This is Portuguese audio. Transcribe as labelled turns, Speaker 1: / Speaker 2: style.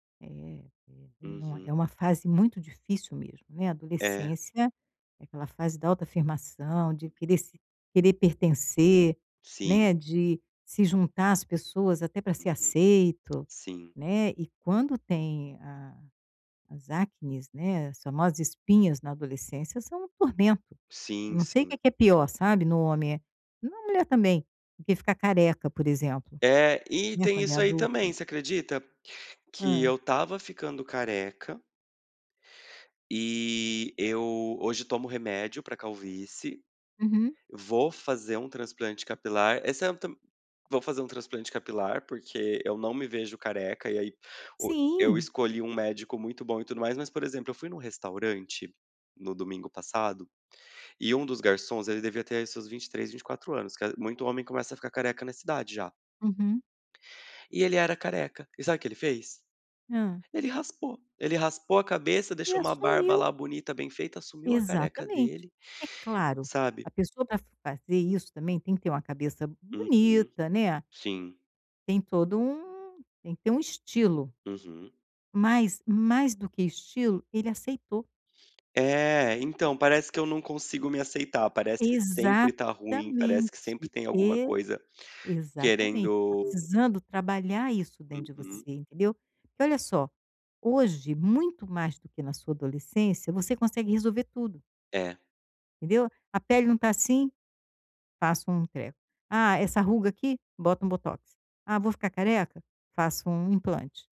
Speaker 1: É [unintelligible] não é
Speaker 2: Uhum.
Speaker 1: é uma fase muito difícil mesmo, né,
Speaker 2: É.
Speaker 1: adolescência é aquela fase da autoafirmação, de querer se querer pertencer,
Speaker 2: Sim.
Speaker 1: né, de se juntar às pessoas, até para ser
Speaker 2: Uhum.
Speaker 1: aceito,
Speaker 2: Sim.
Speaker 1: né, e quando tem a as acnes, né, as famosas espinhas na adolescência são um tormento, eu
Speaker 2: Sim,
Speaker 1: não sei
Speaker 2: sim.
Speaker 1: que que é pior sabe no homem é em uma mulher também, do que ficar careca, por exemplo,
Speaker 2: É, e
Speaker 1: não é,
Speaker 2: tem
Speaker 1: quando é
Speaker 2: isso aí também,
Speaker 1: adulto.
Speaker 2: você acredita? Que
Speaker 1: Hã.
Speaker 2: eu estava ficando careca e eu hoje tomo remédio para calvície.
Speaker 1: Uhum.
Speaker 2: Vou fazer um transplante capilar, esse é tam vou fazer um transplante capilar, porque eu não me vejo careca, e aí o eu
Speaker 1: Sim.
Speaker 2: escolhi um médico muito bom e tudo mais, mas por exemplo, eu fui em um restaurante no domingo passado, e um dos garçons, ele devia ter aí seus 23, 24 anos ca muito homem começa a ficar careca na cidade já.
Speaker 1: Uhum.
Speaker 2: E ele era careca, e sabe o que ele fez?
Speaker 1: Hã.
Speaker 2: Ele raspou. Ele raspou a cabeça,
Speaker 1: E
Speaker 2: deixou uma barba
Speaker 1: assumiu.
Speaker 2: lá, bonita, bem feita, assumiu a careca
Speaker 1: Exatamente.
Speaker 2: dele,
Speaker 1: É claro,
Speaker 2: sabe.
Speaker 1: a pessoa para fazer isso também, tem que ter uma cabeça
Speaker 2: Uhum.
Speaker 1: bonita, né.
Speaker 2: Sim.
Speaker 1: Tem todo um tem que ter um estilo.
Speaker 2: Uhum.
Speaker 1: Mas, mais do que estilo, ele aceitou.
Speaker 2: É, então, parece que eu não consigo me aceitar, parece que sempre está ruim, parece
Speaker 1: Exatamente,
Speaker 2: que sempre tem alguma
Speaker 1: e
Speaker 2: coisa
Speaker 1: exatamente. Está
Speaker 2: querendo
Speaker 1: precisando trabalhar isso dentro de
Speaker 2: Uhum.
Speaker 1: você, entendeu. Porque olha só, hoje, muito mais do que na sua adolescência, você consegue resolver tudo
Speaker 2: É.
Speaker 1: entendeu. "A pele não está assim", passo um treco. "Ah, essa ruga aqui", bota um botox. "Ah, vou ficar careca", faço um implante.